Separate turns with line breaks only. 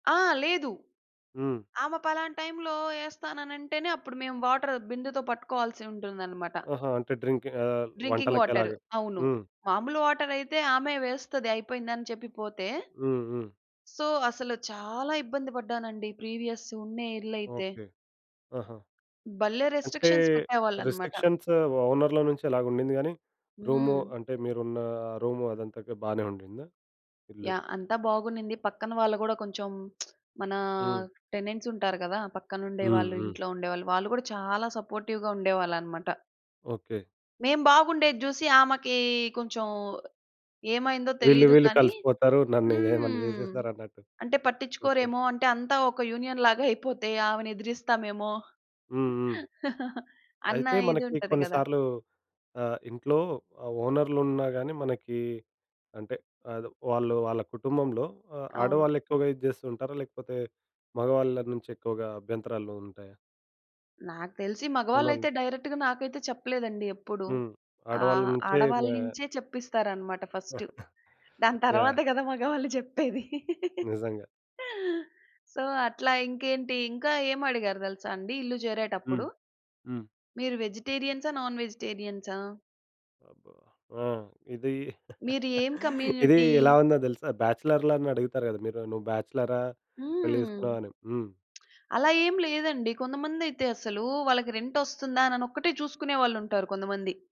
ఆ! లేదు.
హ్మ్.
ఆమె పలానా టైంలో ఏస్తాననంటేనే అప్పుడు మేము వాటరు బిందెతో పట్టుకోవాల్సి ఉంటుందన్నమాట.
ఆహా! అంటే డ్రింక్ ఆహ్,
డ్రింకింగ్
వంటలకి
వాటర్.
అలాగా.
అవును.
హ్మ్.
మాములు వాటరయితే ఆమె వేస్తది అయిపోయింది అని చెప్పి పోతే
హ్మ్. హ్మ్.
సో, అసలు చాలా ఇబ్బంది పడ్డానండి ప్రీవియస్ ఉన్న ఇల్లయితే.
ఓకే. ఆహా!
భలే
అంటే
రెస్ట్రిక్షన్స్ పెట్టేవాళ్ళన్నమాట.
రిస్ట్రిక్షన్స్ ఓనర్‌ల నుంచి అలాగ ఉండింది గాని, రూము
హ్మ్.
అంటే మీరున్న రూము అదంతా‌గా బాగానే ఉండిందా ఇల్లు?
యాహ్! అంతా బాగునింది. పక్కన వాళ్ళు గూడా కొంచెం మన
హ్మ్.
టెనెంట్స్ ఉంటారు గదా! పక్కన ఉండేవాళ్ళు,
హుహు.
ఇంట్లో ఉండేవాళ్ళు. వాళ్ళు గూడా చాలా సపోర్టివ్‌గా ఉండేవాళ్ళన్నమాట.
ఓకే.
మేము బాగుండేది జూసి ఆమెకి కొంచెం ఏమైందో
వీళ్ళు,
తెలీదు
వీళ్ళు
గానీ
కలిసిపోతారు నన్నేదేమన్నా
హ్మ్.
జేసేస్తారన్నట్టు.
అంటే
ఓకే.
పట్టించుకోరేమో అంటే అంతా ఒక యూనియన్ లాగా అయిపోతే ఆమెని ఎదిరిస్తామేమో
హ్మ్. హ్మ్.
అన్న
అయితే
ఇది
మనకి
ఉంటది గదా!
కొన్నిసార్లు ఆహ్, ఇంట్లో ఆ ఓనర్లు ఉన్నా గాని మనకి అంటే అదే వాళ్ళు వాళ్ళ కుటుంబంలో ఆ
అవును.
ఆడవాళ్ళు ఎక్కువగా ఇది చేస్తూ ఉంటారా? లేకపోతే మగవాళ్ళ నుంచి ఎక్కువగా అభ్యంతరాలు ఉంటాయా?
నాకు తెలిసి
ఓనర్‌లు.
మగవాళ్ళైతే డైరెక్ట్‌గా నాకైతే చెప్పలేదండి ఎప్పుడూ.
హ్మ్. ఆడవాళ్ళ
ఆహ్,
నుంచే‌
ఆడవాళ్ళ
మా
నుంచే చెప్పిస్తారన్నమాట ఫస్ట్ దాని తర్వాత
యాహ్!
గదా! మగవాళ్ళు చెప్పేది.
నిజంగా.
సో అట్లా ఇంకేంటి ఇంకా ఏమడిగారు దెలుసా అండి ఇల్లు
హ్మ్.
జేరేటప్పుడు.
హ్మ్.
మీరు వెజిటేరియ‌న్సా? నాన్ వెజిటేరియన్సా?
అబ్బా! ఆ! ఇది
మీరు ఏం
ఇది
కమ్యూనిటీ?
ఎలా ఉందో దెలుసా? బ్యాచలర్‌ల‌ని అడుగుతారు గదా! మీరు, నువ్వు బ్యాచలరా పెళ్లి
హ్మ్.
జేసుకున్నావా? అని. హ్మ్.
అలా ఏం లేదండి. కొందమందైతే అసలు వాళ్ళకి రెంటొస్తుందా అననొక్కటే చూసుకునేవాళ్ళుంటారు కొందమంది.